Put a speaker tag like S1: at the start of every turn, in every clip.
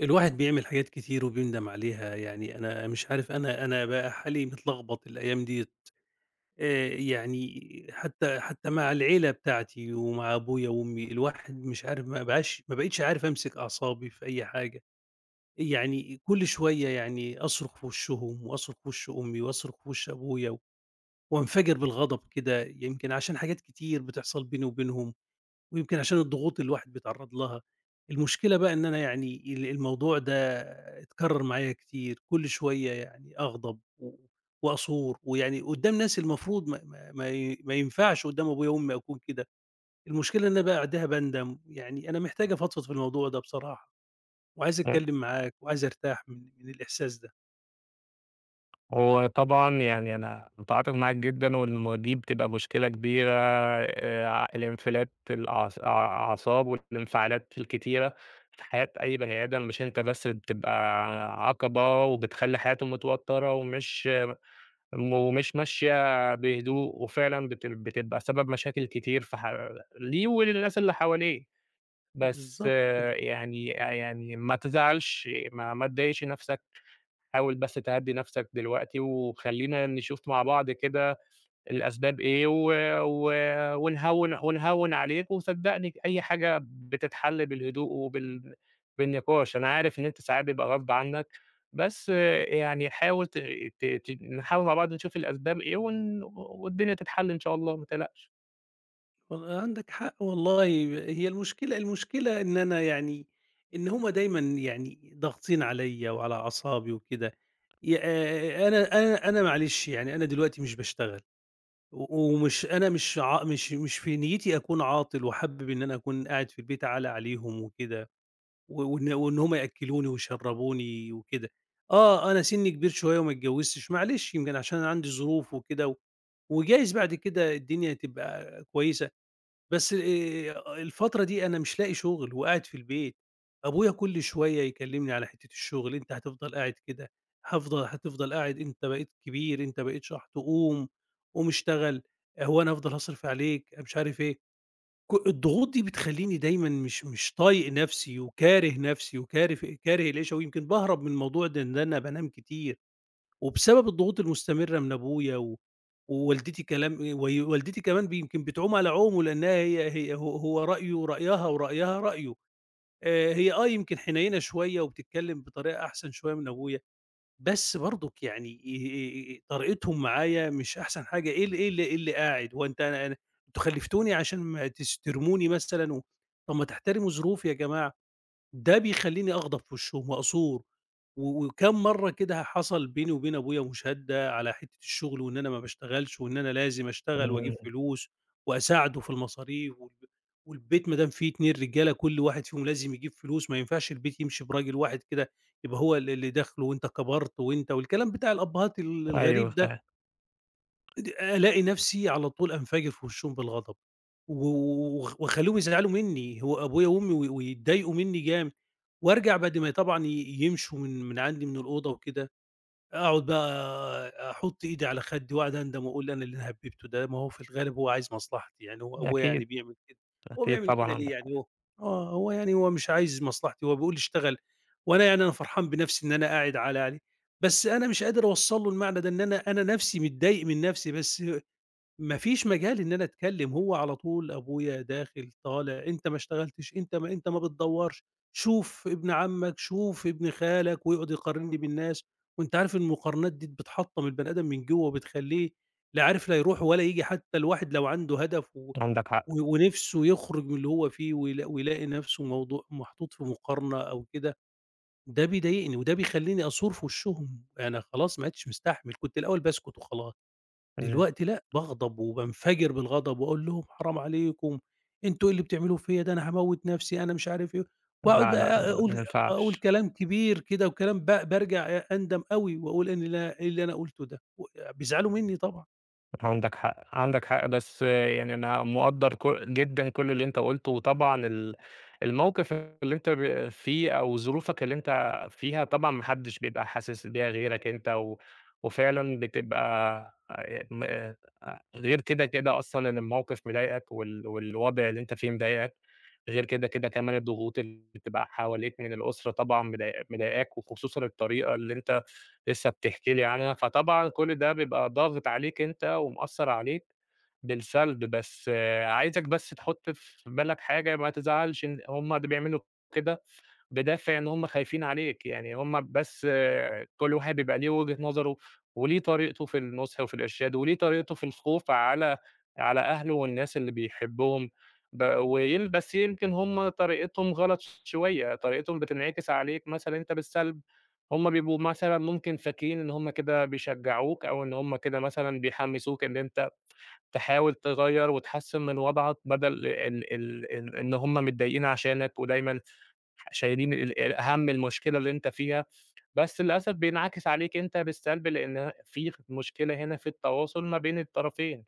S1: الواحد بيعمل حاجات كتير وبيندم عليها. يعني أنا مش عارف أنا أنا بقى حالي متلغبط الأيام دِيَّة. آآ يعني حتّى حتّى مع العيلة بتاعتي ومع أبويا وأمي الواحد مش عارف ما بقاش ما بقيتش عارف أمسك أعصابي في أي حاجة. إ يعني إ كل شوية يعني أصرخ في وِشّهم وأصرخ في وِش أمي وأصرخ في وِش أبويا و وأنفجِر بالغضب كده يمكن عشان حاجات كتير بتحصل بيني وبينهم، ويمكن عشان الضغوط اللي الواحد بيتعرض لها. المشكلة بقى إن أنا يعني ال الموضوع ده اتكرر معايا كتير. كل شوية يعني أغضب و وأثور، ويعني قدّام ناس المفروض ما ما ما ي ما ينفعش قدّام أبويا وأمي أكون كده. المشكلة إن أنا بَعدها باندم. يعني أنا محتاج أفضفض في الموضوع ده بصراحة، وعايز أتكلم معاك، وعايز أرتاح من ال من الإحساس ده.
S2: هو طبعًا يعني أنا متعاطف معاك جدًا، والموا دي بتبقى مشكلة كبيرة، آآ ع الانفلات الأع أع أع أعصاب والانفعالات الكتيرة في حياة أي بني آدم، مش أنت بس اللي بتبقى عقبة وبتخلّي حياته متوترة ومش ما م ومش ماشية بهدوء، وفعلًا بتل بتبقى سبب مشاكل كتير في حَ ليه وللناس اللي حواليه. بس
S1: بالضبط كده.
S2: يعني أ يعني ما تزعلش ما ما تضايقش نَفْسك، حاول بس تهدّي نَفْسك دلوقتي، وخلّينا نشوف مع بعض كده الأسباب إيه و و ونهوّن، ونهوّن عليك، وصدّقني ج أي حاجة بتتحل بالهدوء وبالن بالنِقاش. أنا عارف إن أنت ساعات بيبقى غصب عنّك، بس يعني حاول ت ت تيجي نحاول مع بعض نشوف الأسباب إيه و ن و والدنيا تتحل إن شاء الله، ما تقلقش.
S1: وال عندك حق والله ب هي المشكلة المشكلة إن أنا يعني إن هم دايمًا يعني ضاغطين عليّا وعلى أعصابي وكده يا آآ أنا أنا أنا معلش يعني أنا دلوقتي مش باشتغل و ومش أنا مش ع مش مش في نيّتي أكون عاطل وحابب إن أنا أكون قاعد في البيت عالة عليهم وكده، و وإن وإن هم يأكّلوني ويشرّبوني وكده، آه، أنا سِنّي كبير شوية وما اتجوِّزتش معلش يمكن عشان أنا عندي ظروف وكده و وجايز بعد كده الدنيا تبقى كويسة، بس آآ الفترة دي أنا مش لاقي شُغل وقاعد في البيت، أبويا كل شوية يكلِّمني على حتّة الشُغل، "أنت هتفضل قاعد كده، هافضل هتفضل قاعد، أنت بقيت كبير، أنت بقيت شَحْط قُوم، قُوم اشتغل، آآ هو أنا هافضل هاصرِف عليك." أنا مش عارف إيه. ك الضغوط دي بتخلّيني دايمًا مش مش طايق نَفْسي وكاره نَفْسي وكارف كاره العيشة ويمكن باهرب من الموضوع ده إن أنا بانام كتير، وبسبب الضغوط المستمرة من أبويا و ووالدتي كلام أي وي والدتي كمان ب يمكن بتعوم على عومه لإنّها هي هي ه هو رأيه رأيها، ورأيها رأيه. آآ هي آه، يمكن حنيّنة شوية وبتتكلِّم بطريقة أحسن شوية من أبويا، بس برضُك يعني آآ، آآ طريقتهم معايا مش أحسن حاجة إيه ال إيه ال إيه اللي قاعد، هو أنت أنا أنا أنتم خلِّفتوني عشان ما تس ترموني مثلًا و طَب ما تحترموا ظروفي يا جماعة. ده بيخلّيني أغضب في وِشّهم وأثور و وكام مرّة كده ه حصل بيني وبين أبويا مُشادة على حتّة الشُغل وإن أنا ما باشتغلش وإن أنا لازم أشتغل وأجيب
S2: إمم.
S1: فلوس وأساعده في المصاريف والب والبيت ما دام في 2 رجالة كل واحد فيهم ولازم يجيب فلوس، ما ينفعش البيت يمشي براجل واحد كده يبقى هو اللي اللي داخله وأنت كبرت وأنت والكلام بتاع الأبّهات ال
S2: أيوه،
S1: الغريب ده.
S2: فاهم.
S1: إد ألاقي نَفْسي على طول أنَفجِر في وِشّهم بالغضب و و وخ واخلّيهم يزعلوا منّي، هو أبويا وأمي وي ويتضايقوا منّي جامد وأرجع بعد ما ي طبعًا ي يمشوا من من عندي من الأوضة وكده، أقعُد بقى أ أحُط إيدي على خدّي وأقعُد أندم وأقول أنا إيه اللي هَبِّبته ده؟ ما هو في الغالب هو عايز مصلحتي، يعني هو أبويا يعني
S2: أكيد.
S1: بيعمل كده، هو
S2: أكيد،
S1: بيعمل
S2: طبعًا
S1: كده ليه
S2: عندك
S1: يعني
S2: حق.
S1: هو آه، هو يعني هو مش عايز مصلحتي، هو بيقول لي اشتغل وأنا يعني أنا فرحان بنَفْسي إن أنا قاعد عالة عليه، بس أنا مش قادر أوصّل له المعنى ده، إن أنا أنا نَفْسي متضايق من نَفْسي، بس ما فيش مجال إن أنا أتكلِّم، هو على طول أبويا داخِل طالع "أنت ما اشتغلتش، أنت ما أنت ما بتدوّرش، شوف ابن عمَّك، شوف ابن خالك." ويقعُد يقارنّي بالناس وأنت عارف المقارنات دي د بتحطّم البني آدم من جوّه وبتخلّيه لا عارف لا يروح ولا ييجي، حتّى الواحد لو عنده هدف و
S2: عندك حق.
S1: و ونِفْسه يخرُج من اللي هو فيه ويلا ويلاقي نَفْسه موضوع محطوط في مقارنة أو كده، ده بيضايقني وده بيخلّيني أثور في وِشّهم. أنا خلاص ما عُدتش مستحمل، كنت الأول باسكت وخلاص،
S2: إمم.
S1: دلوقتي لأ، باغضب وبانفجر بالغضب وأقول لهم: "حرام عليكم، أنتم إيه اللي بتعملوه فيّا ده أنا هاموّت نَفْسي،" أنا مش عارف إيه، وأقعُد
S2: لأ، لأ،
S1: بقى
S2: ما
S1: أقول
S2: ما
S1: أ أقول
S2: ينفعش.
S1: كلام كبير كده وكلام ب بارجع ع أندم أوي وأقول أنا لأ، إيه اللي أنا قُلته ده؟! وأ بيزعلوا منّي طبعًا.
S2: عندك حق، عندك حق، بس يعني أنا مقدّر ك جدًا كل اللي أنت قُلته وطبعًا ال الموقِف اللي أنت ب فيه أو ظروفك اللي أنت فيها، طبعًا ما حدّش بيبقى حاسس بيها غيرك أنت و وفعلًا بتبقى آآ م آآ غير كده، كده أصلًا إن الموقِف مضايقك وال والوضع اللي أنت فيه مضايقك، غير كده، كده كمان الضغوط اللي بتبقى حواليك من الأسرة طبعًا مضاي مضايقاك وخصوصًا الطريقة اللي أنت لسّه بتحكي لي عنها، فطبعًا كل ده بيبقى ضاغط عليك أنت ومأثّر عليك بالسلب، بس عايزك بس تحُط في بالك حاجة، ما تزعلش إن هم ده بيعملوا كده بدافِع إن هم خايفين عليك. يعني هم بس كل واحد بيبقى ليه وِجهة نظره وليه طريقته في النُصح وفي الإرشاد وليه طريقته في الخوف على على أهله والناس اللي بيحبّهم. ب وين بس يمكن هم طريقتهم غلط ش شوية، طريقتهم بتنعكس عليك مثلًا أنت بالسلب، هم بيبقوا مثلًا ممكن فاكرين إن هم كده بيشجّعوك أو إن هم كده مثلًا بيحمّسوك إن أنت تحاول تغيّر وتحسّن من وضعَك بَدَل ال ال ال إن هم متضايقين عشانك ودايمًا ح شايلين ال ال هَم المشكلة اللي أنت فيها، بس للأسف بينعكس عليك أنت بالسلب، لإن ه في خ مشكلة هنا في التواصل ما بين الطرفين،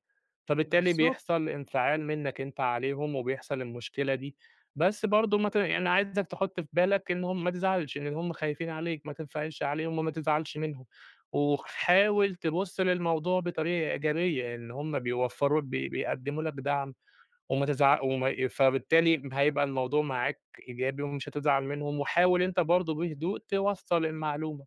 S2: فبالتالي
S1: بالضبط.
S2: بيحصل انفعال منّك أنت عليهم وبيحصل المشكلة دي. بس برضه ما ت يعني عايزك تحُط في بالك إن هم ما تزعلش، لإن هم خايفين عليك، ما تنفعلش عليهم وما تزعلش منهم، وخ حاول تبُص للموضوع بطريقة إيجابية إن هم بيوفّروا بي بيقدّموا لك دعم وما تزع وما ي فبالتالي م هيبقى الموضوع معاك إيجابي ومش هتزعل منهم وحاول أنت برضه بهدوء توصّل المعلومة،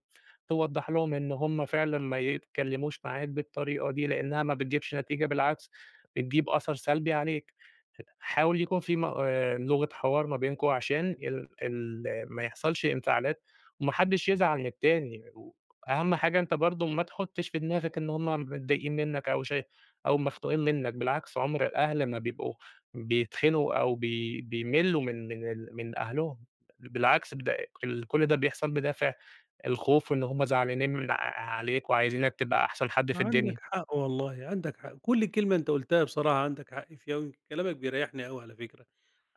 S2: توضّح لهم إن هم فعلًا ما يتكلِّموش معاك بالطريقة دي لإنّها ما بتجيبش نتيجة، بالعكس بتجيب أثَر سلبي عليك. ه حاول يكون في مق آآ، لغة حوار ما بينكم عشان
S1: إمم.
S2: ال ال ما يحصلش انفعالات وما حدّش يزعل من التاني. وأهَم حاجة أنت برضه ما تحُطّش في دماغك إن هم متضايقين منّك أو شاي أو مختوقين منّك، بالعكس عُمر الأهل ما بيبقوا بيتخنقوا أو بي بيملّوا من من ال من أهلهم، بَل بالعكس بد أق ال كل ده بيحصل بدافِع الخوف وإن هم زعلانين من ع عليك وعايزينك تبقى أحسن حد في
S1: عندك
S2: الدنيا.
S1: حق والله، عندك حق. كل كلمة أنت قُلتها بصراحة عندك حق فيها ويمكن كلامك بيريّحني أوي على فكرة.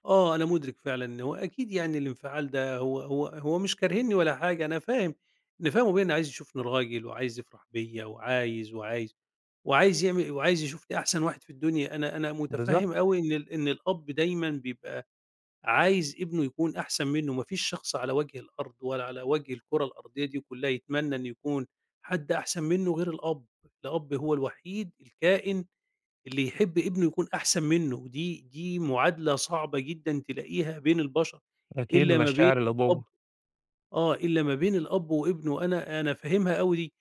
S1: آه، أنا مُدرك فعلًا إن هو أكيد يعني الانفعال ده هو هو هو مش كارهينّي ولا حاجة، أنا فاهم أنا فاهم أبويا إن عايز يشوفني راجل وعايز يفرح بيّا وعايز، وعايز، وعايز يعمل وعايز يشوفني أحسن واحد في الدنيا. أنا أنا مُتفهِّم
S2: بالضبط.
S1: أوي إن ال إن الأب دايمًا بيبقى عايز ابنه يكون أحسن منُّه، ما فيش شخص على وَجه الأرض ولا على وَجه الكُرة الأرضية دي كُلّها يتمنّى إن يكون حد أحسن منّه غير الأب، الأب هو الوحيد الكائن اللي يحب ابنه يكون أحسن منُّه، ودي دي مُعادلة صعبة جدًا تلاقيها بين البشر
S2: أكيد
S1: إلّا ما بين
S2: مشاعر
S1: الأب
S2: الأبوّة.
S1: آه، إلّا ما بين الأب وابنه، أنا أنا فاهمها أوي دي.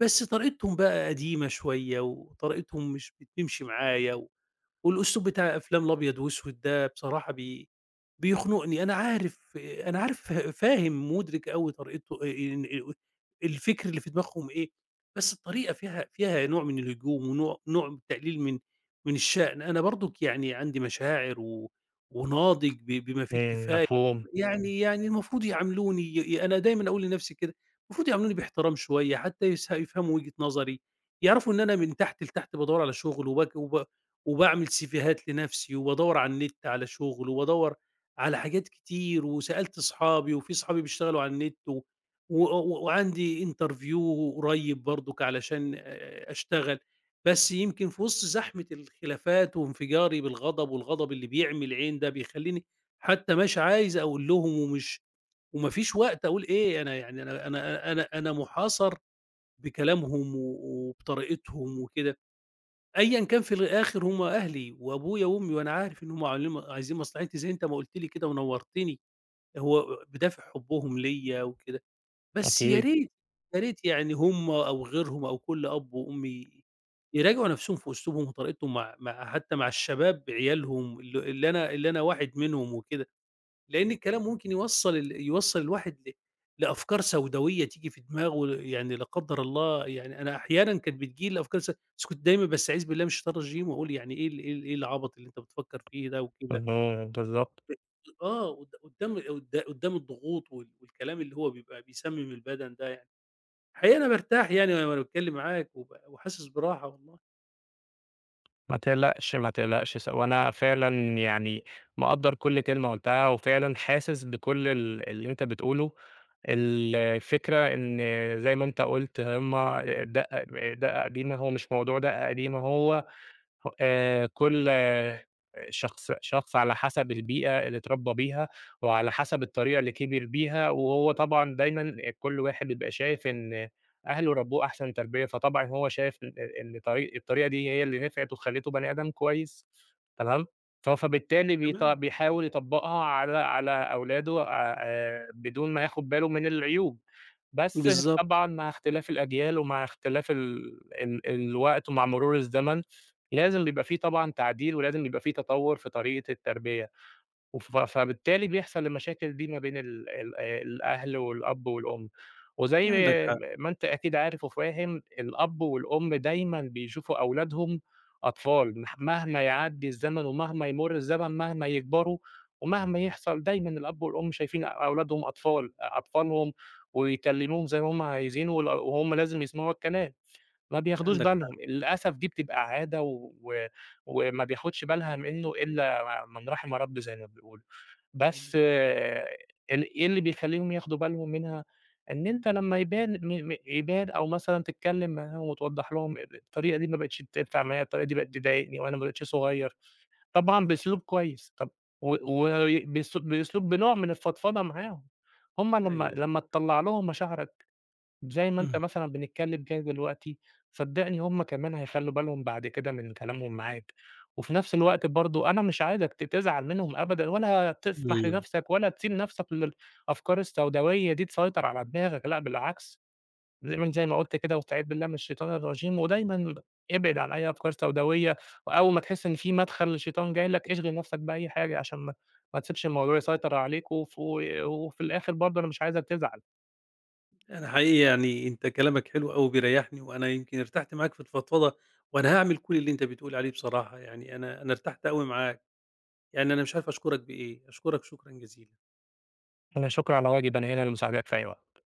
S1: بس طريقتهم بقى قديمة شوية وطريقتهم مش بتمشي معايا و والأسلوب بتاع أفلام الأبيض وأسود ده بصراحة بي بيخنقني. أنا عارف أنا عارف ف فاهم، مُدرك أوي طريقته آآ إن آآ الفِكْر اللي في دماغهم إيه، بس الطريقة فيها فيها نوع من الهجوم ونوع نوع من تقليل من من الشأن. أنا برضُك يعني عندي مشاعر و وناضج ب بما فيه
S2: ان
S1: الكفاية
S2: مفهوم.
S1: يعني يعني المفروض يعاملوني ي يا أنا دايمًا أقول لنَفْسي كده، مفروض يعاملوني بإحترام شوية حتّى يسه يفهموا وِجهة نظري، يعرفوا إن أنا من تحت لتحت بادوّر على شُغل وبك وب وباعمل سيفيهات لنَفْسي وبادوّر على النِت على شُغل وادوّر على حاجات كتير وسألت أصحابي وفي أصحابي بيشتغلوا على النِت و وأ و وعندي interview قريّب برضُك علشان آآ أشتغل. بس يمكن في وِسط زحمة الخلافات وانفجاري بالغضب والغضب اللي بيعمي العين ده بيخلّيني حتّى مش عايز أقول لهم ومش وما فيش وقت أقول إيه، أنا يعني أنا أنا أنا أنا مُحاصر بكلامهم و و وبطريقتهم وكده، أيًا كان في الآخِر هم أهلي وأبويا وأمي وأنا عارف إن هم عاملين ما عايزين مصلحتي، زي أنت ما قُلت لي كده ونوّرتني، هو آآ بدافِع حبّهم ليّا وكده. بس يا
S2: أكيد.
S1: ريت، يا ريت يعني هم أو غيرهم أو كل أب وأم ي يراجعوا نَفْسهم في أسلوبهم وطريقتهم مع مع حتّى مع الشباب عيالهم ال اللي أنا اللي أنا واحد منهم وكده. لإن الكلام ممكن يوصّل ال يوصّل الواحد ل لأفكار سوداويّة تيجي في دماغه ل يعني لا قدّر الله يعني أنا أحيانًا كانت بتيجي لي الأفكار الس بس كنت دايمًا بأستعيذ بالله من الشيطان الرجيم وأقول يعني إيه ال إيه ال إيه العَبَط اللي أنت بتفكّر فيه ده؟! وكده.
S2: اهم، بالضبط.
S1: [unintelligible] آه، قد قُدّام و قد قُدّام الضغوط وال والكلام اللي هو بيبقى بيسمّم البَدَن ده يعني، حقيقي أنا بارتاح يعني وأنا وأنا باتكلِّم معاك وب وحاسس براحة والله.
S2: ما تقلقش، ما تقلقش، س وأنا فعلًا يعني مِقَدَّر كُلّ كلمة قُلتها، وفعلًا حاسس بكُلّ ال اللي أنت بتقوله، الفكرة إن زي ما أنت قُلت هُم دَقّة دَقّة قديمة، هو مش موضوع دَقّة قديمة، هو آآ، كل آآ، شخص شخص على حسب البيئة اللي اتربّى بيها، وعلى حسب الطريقة اللي كِبِر بيها، وهو طبعًا دايمًا كُلّ واحد بيبقى شايف إن أهله ربّوه أحسن تربية، فطبعًا هو شايف إن طريقة الطريقة دي هي اللي نِفعِت وخلّيته بني آدم كويس، تمام، ف فبالتالي بيط
S1: تمام، طبعًا.
S2: بيحاول يطبّقها على على أولاده آآ، بدون ما ياخد باله من العيوب، بس
S1: بالضبط.
S2: طبعًا مع اختلاف الأجيال ومع اختلاف ال ال الوقت ومع مرور الزمن، لازم بيبقى في طبعًا تعديل، ولازم يبقى في تطوّر في طريقة التربية. وف فبالتالي بيحصل المشاكل دي ما بين ال ال آآ، الأهل والأب والأم، وزَي
S1: عندك حق.
S2: م ما أنت أكيد عارف وفاهم، الأب والأم دايمًا بيشوفوا أولادهم أطفال، مح مهما يعدّي الزمن ومهما يمُرّ الزمن، مهما يكبروا، ومهما يحصل، دايمًا الأب والأم شايفين أولادهم أطفال، أطفالهم، ويكلموهم زي ما هم عايزين، وال وهم لازم يسمعوا الكلام، ما بياخدوش
S1: عندك حق.
S2: بالهم للأسف، دي بتبقى عادة و وما بياخدش بالها منه إلّا م من رَحِم ربي زي ما بيقولوا.
S1: امم.
S2: بس آآ، ال إيه اللي بيخلّيهم ياخدوا بالهم منها؟ إن أنت لمّا يبان م م يبان أو مثلًا تتكلم معاهم، وتوضَّح لهم الطريقة دي ما بقِتش تنفع معايا، الطريقة دي بقِت تضايقني، وأنا ما بقيتش صغير، طبعًا بأسلوب كويس، طَب و وبأسل بأسلوب بنوع من الفضفضة معاهم. هم لمّا،
S1: أيوه.
S2: لمّا تطلَّع لهم مشاعرك، زي ما أنت
S1: إمم.
S2: مثلًا بنتكلم كده دلوقتي، صدّقني هم كمان هيخلّوا بالهم بعد كده من كلامهم معاك. وفي نَفْس الوقت برضه أنا مش عايزك ت تزعل منهم أبدًا، ولا تسمح
S1: إمم.
S2: لنَفْسَك، ولا تسيب نَفْسَك لل أفكار السوداوية دي تسيطر على دماغك، لأ بالعكس، دايمًا زي ما زي ما قُلت كده واستعيذ بالله من الشيطان الرجيم، ودايمًا اب ابعد عن أي أفكار سوداوية، وأول ما تحس إن في مدخل للشيطان جاي لك، اشغل نَفْسَك بأي حاجة عشان ما ما تسيبش الموضوع يسيطر عليك، وف وفي الآخر برضه أنا مش عايزك تزعل.
S1: أنا حقيقي يعني أنت كلامك حلو أوي وبيريحني، وأنا يمكن ارتحت معاك في الفضفضة، وأنا هاعمل كُلّ اللي أنت بتقول عليه بصراحة، يعني أنا، أنا ارتحت أوي معاك، يعني أنا مش عارف أشكرك بإيه، أشكرك شكرًا جزيلًا.
S2: لا شكر على واجب، أنا هنا لمساعدتك في أي وقت.